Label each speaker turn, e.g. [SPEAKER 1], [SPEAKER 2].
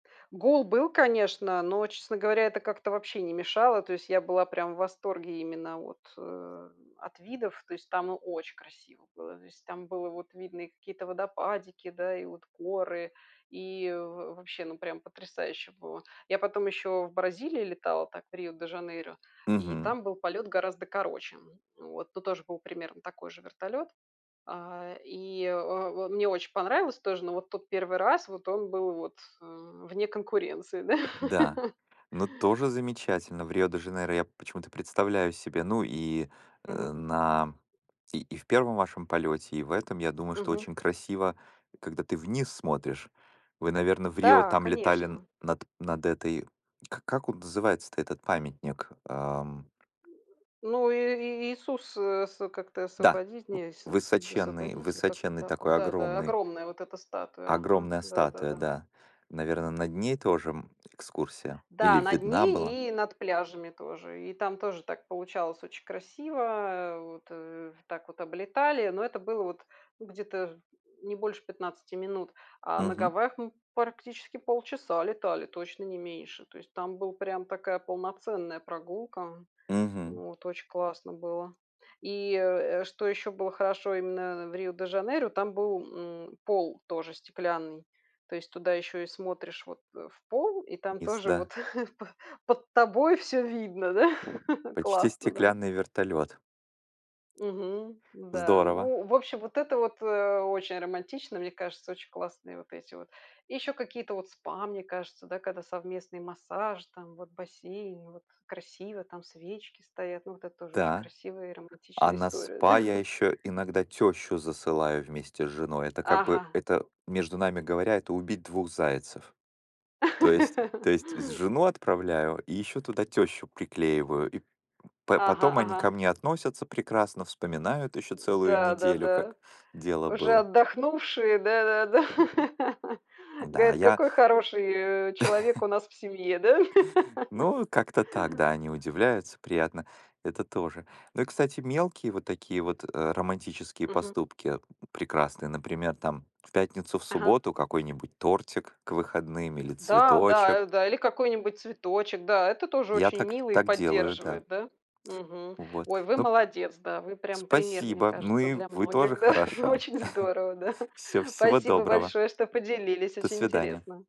[SPEAKER 1] Гол был, конечно, но, честно говоря, это как-то вообще не мешало. То есть, я была прям в восторге именно от, э, от видов. То есть, там, ну, очень красиво было. То есть там было видно и какие-то водопадики, да, и вот горы, и в вообще, ну, прям потрясающе было. Я потом еще в Бразилии летала, так, в Рио-де-Жанейро, и
[SPEAKER 2] Мгм.
[SPEAKER 1] там был полет гораздо короче, м, вот. Ну, тоже был примерно такой же вертолет. А и, э, в э, мне очень понравилось тоже, но вот тут 1 раз, вот он был, вот, э, вне конкуренции, да.
[SPEAKER 2] Да, но тоже замечательно, в Рио-де-Жанейро я почему-то представляю себе. Ну и, э,
[SPEAKER 1] Мгм.
[SPEAKER 2] на и и в 1 вашем полёте, и в этом, я думаю, что
[SPEAKER 1] Мгм.
[SPEAKER 2] очень красиво, когда ты вниз смотришь. Вы, наверно, в Рио
[SPEAKER 1] Да,
[SPEAKER 2] там летали н
[SPEAKER 1] конечно.
[SPEAKER 2] над, над этой к как он называется-то, этот памятник, ам?
[SPEAKER 1] Ну и и и Иисус с, э, с как-то
[SPEAKER 2] Да,
[SPEAKER 1] освободить,
[SPEAKER 2] в
[SPEAKER 1] не Иисус не
[SPEAKER 2] высоченный
[SPEAKER 1] освободитель. Как-то
[SPEAKER 2] высоченный
[SPEAKER 1] так он,
[SPEAKER 2] такой,
[SPEAKER 1] да да.
[SPEAKER 2] огромный
[SPEAKER 1] Огромная вот эта статуя. Ага,
[SPEAKER 2] Огромная статуя,
[SPEAKER 1] да-да-да.
[SPEAKER 2] да. Наверно, над ней тоже, м, экскурсия. Или
[SPEAKER 1] Да над
[SPEAKER 2] видна была?
[SPEAKER 1] ней и над пляжами тоже. И там тоже так получалось очень красиво, э, вот, э, в Так вот облетали, но это было, вот, ну, где-то ж не больше 15 минут, а на
[SPEAKER 2] Мгм.
[SPEAKER 1] Гавайях мы практически полчаса летали, точно не меньше. То есть там была прям такая полноценная прогулка.
[SPEAKER 2] Мгм.
[SPEAKER 1] Вот очень классно было. И, э, что еще было хорошо именно в Рио-де-Жанейро, там был, м, пол тоже стеклянный. То есть туда еще и смотришь, вот, э, в пол, и там
[SPEAKER 2] Мис,
[SPEAKER 1] тоже,
[SPEAKER 2] да.
[SPEAKER 1] вот, п под тобой всё видно, да.
[SPEAKER 2] Почти
[SPEAKER 1] Классно, да.
[SPEAKER 2] стеклянный вертолёт.
[SPEAKER 1] Мгм. Н-да,
[SPEAKER 2] Здорово!
[SPEAKER 1] ну, в общем, вот это вот, э, очень романтично, мне кажется. Очень классные вот эти вот. И ещё какие-то вот спа, мне кажется, да, когда совместный массаж, там вот бассейн, вот красиво там свечки стоят. Ну, вот это тоже очень
[SPEAKER 2] Та,
[SPEAKER 1] красивая и
[SPEAKER 2] а
[SPEAKER 1] романтичная
[SPEAKER 2] на
[SPEAKER 1] история, да.
[SPEAKER 2] спа я ещё иногда тёщу засылаю вместе с женой. Это, как бы
[SPEAKER 1] Ага.
[SPEAKER 2] это, между нами говоря, это убить 2 зайцев. То есть то есть з жену отправляю и ещё туда тёщу приклеиваю. И п п
[SPEAKER 1] Ага,
[SPEAKER 2] потом они ко
[SPEAKER 1] ага.
[SPEAKER 2] мне относятся прекрасно, вспоминают ещё
[SPEAKER 1] М,
[SPEAKER 2] целую
[SPEAKER 1] да да
[SPEAKER 2] неделю,
[SPEAKER 1] да.
[SPEAKER 2] как дело
[SPEAKER 1] Уже
[SPEAKER 2] было.
[SPEAKER 1] отдохнувшие, да да да.
[SPEAKER 2] Да,
[SPEAKER 1] Говорят,
[SPEAKER 2] я
[SPEAKER 1] какой хороший, э, человек у нас в семье, да?
[SPEAKER 2] Ну, как-то так, да, они удивляются, приятно, это тоже. Ну и, кстати, мелкие вот такие вот, э, романтические
[SPEAKER 1] Мгм.
[SPEAKER 2] поступки, прекрасные, например, там, в пятницу, в
[SPEAKER 1] Ага.
[SPEAKER 2] субботу какой-нибудь тортик к выходным или
[SPEAKER 1] Да, да,
[SPEAKER 2] цветочек.
[SPEAKER 1] э, да. Или какой-нибудь цветочек. Да, это тоже
[SPEAKER 2] Я
[SPEAKER 1] очень
[SPEAKER 2] так
[SPEAKER 1] мило и
[SPEAKER 2] так делаю, да.
[SPEAKER 1] поддерживает, да, мгм.
[SPEAKER 2] Вот.
[SPEAKER 1] Ой, вы
[SPEAKER 2] Ну.
[SPEAKER 1] молодец. Да, вы прям пример, мне
[SPEAKER 2] Спасибо! Ну,
[SPEAKER 1] кажется,
[SPEAKER 2] и
[SPEAKER 1] для
[SPEAKER 2] вы тоже
[SPEAKER 1] многих. Да,
[SPEAKER 2] хороша.
[SPEAKER 1] очень здорово, да.
[SPEAKER 2] Всё, всего
[SPEAKER 1] Спасибо
[SPEAKER 2] доброго!
[SPEAKER 1] большое, что поделились.
[SPEAKER 2] До
[SPEAKER 1] Очень
[SPEAKER 2] свидания!
[SPEAKER 1] интересно.